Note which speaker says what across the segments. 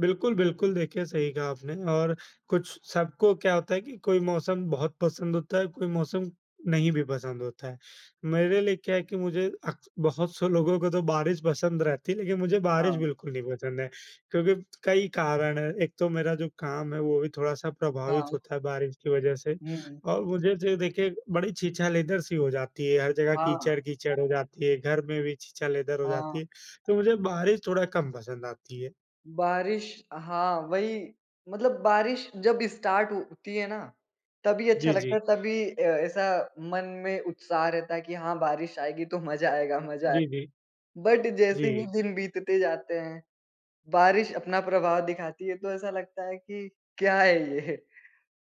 Speaker 1: बिल्कुल, बिल्कुल देखिए सही कहा आपने और कुछ सबको क्या होता है कि कोई मौसम बहुत पसंद होता है, कोई मौसम नहीं भी पसंद होता है। मेरे लिए क्या है कि मुझे अक बहुत से लोगों को तो बारिश पसंद रहती है लेकिन मुझे बारिश
Speaker 2: हाँ।
Speaker 1: बिल्कुल नहीं पसंद है, क्योंकि कई कारण हैं, एक तो मेरा जो काम है वो भी थोड़ा-सा प्रभावित
Speaker 2: हाँ।
Speaker 1: होता है बारिश की वजह से।
Speaker 2: हुँ, हुँ।
Speaker 1: और मुझे जो है देखिए बड़ी छीछा-लेदर सी हो जाती है, हर जगह
Speaker 2: हाँ।
Speaker 1: कीचड़-कीचड़ हो जाती है, घर में भी छीछा-लेदर हो जाती
Speaker 2: हाँ।
Speaker 1: है, तो मुझे बारिश थोड़ा कम पसंद आती है।
Speaker 2: बारिश, हाँ, वही मतलब बारिश जब स्टार्ट होती है ना, तभी अच्छा
Speaker 1: जी,
Speaker 2: लगता है,
Speaker 1: जी।
Speaker 2: तभी अ, ऐसा मन में उत्साह रहता है कि हाँ बारिश आएगी तो मज़ा आएगा, मज़ा आए
Speaker 1: जी, जी।
Speaker 2: बट जैसे ही
Speaker 1: जी।
Speaker 2: दिन बीतते जाते हैं, बारिश अपना प्रभाव दिखाती है, तो ऐसा लगता है कि क्या है ये?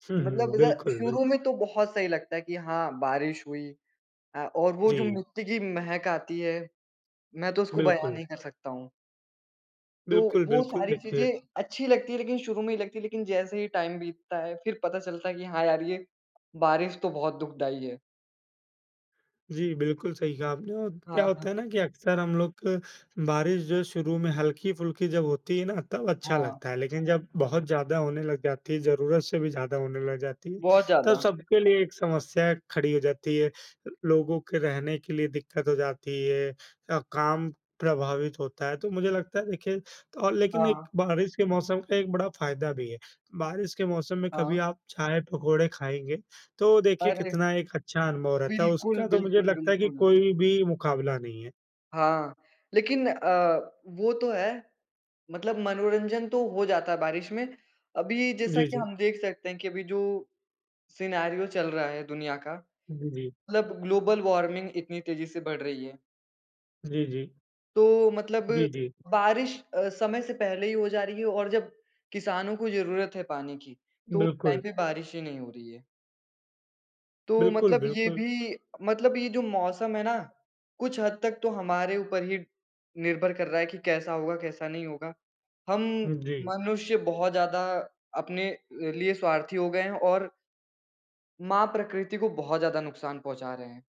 Speaker 1: हुँ, हुँ,
Speaker 2: मतलब ज
Speaker 1: बिल्कुल,
Speaker 2: शुरू
Speaker 1: बिल्कुल।
Speaker 2: में तो बहुत सही लगता है कि हाँ, बारिश हुई। अ, और वो जो
Speaker 1: जी।
Speaker 2: मिट्टी की महक आती है, मैं तो उसको बयान
Speaker 1: बिल्कुल।
Speaker 2: नहीं कर सकता हूँ। तो,
Speaker 1: बिल्कुल,
Speaker 2: वो
Speaker 1: बिल्कुल,
Speaker 2: सारी
Speaker 1: देखिए
Speaker 2: चीज़ें अच्छी लगती है लेकिन शुरू में ही लगती है। लेकिन जैसे ही टाइम बीतता है, फिर पता चलता है कि हाँ यार ये बारिश तो बहुत दुखदायी है।
Speaker 1: जी, बिल्कुल सही कहा आपने और क्या
Speaker 2: हाँ, हाँ।
Speaker 1: होता है ना कि अक्सर हम लोग क बारिश जो है शुरू में हल्की-फुल्की जब होती है ना, तब अच्छा
Speaker 2: हाँ।
Speaker 1: लगता है। लेकिन जब बहुत ज़्यादा होने लग जाती है, ज़रूरत से भी ज़्यादा होने लग जाती है,
Speaker 2: बहुत
Speaker 1: तब
Speaker 2: ज़्यादा।
Speaker 1: सबके लिए एक समस्या खड़ी हो जाती है। अ, लोगों के रहने के लिए दिक्कत हो जाती है अ, काम प्रभावित होता है, तो मुझे लगता है देखिए और लेकिन एक
Speaker 2: हाँ।
Speaker 1: बारिश के मौसम का एक बड़ा फ़ायदा भी है। बारिश के मौसम में कभी
Speaker 2: हाँ।
Speaker 1: आप चाय-पकोड़े खाएँगे, तो देखिए
Speaker 2: अरे।
Speaker 1: कितना एक अच्छा अनुभव रहता है,
Speaker 2: बिल्कुल,
Speaker 1: उसका तो मुझे
Speaker 2: बिल्कुल,
Speaker 1: लगता है कि
Speaker 2: बिल्कुल।
Speaker 1: कोई भी मुकाबला नहीं है।
Speaker 2: हाँ, लेकिन अ, वो तो है। मतलब मनोरंजन तो हो जाता है बारिश में। अभी जैसा
Speaker 1: जी,
Speaker 2: कि
Speaker 1: जी।
Speaker 2: हम देख सकते है कि अभी जो, सिनेरियो चल रहा है दुनिया का।
Speaker 1: जी, जी।
Speaker 2: मतलब ग्लोबल वार्मिंग इतनी तेज़ी से बढ़ रही है।
Speaker 1: जी, जी।
Speaker 2: तो, मतलब
Speaker 1: जी, जी।
Speaker 2: बारिश अ, समय से पहले ही हो जा रही है और जब किसानों को ज़रूरत है पानी की, तो टाइम
Speaker 1: बिल्कुल।
Speaker 2: पे बारिश ही नहीं हो रही है। तो
Speaker 1: बिल्कुल,
Speaker 2: मतलब ये
Speaker 1: बिल्कुल।
Speaker 2: भी मतलब ये जो मौसम है ना, कुछ हद तक तो हमारे ऊपर ही निर्भर कर रहा है कि कैसा होगा, कैसा नहीं होगा। हम
Speaker 1: हुँ, जी।
Speaker 2: मनुष्य बहुत ज़्यादा अपने लिए स्वार्थी हो गए हैं और माँ प्रकृति को बहुत ज़्यादा नुकसान पहुँचा रहे हैं।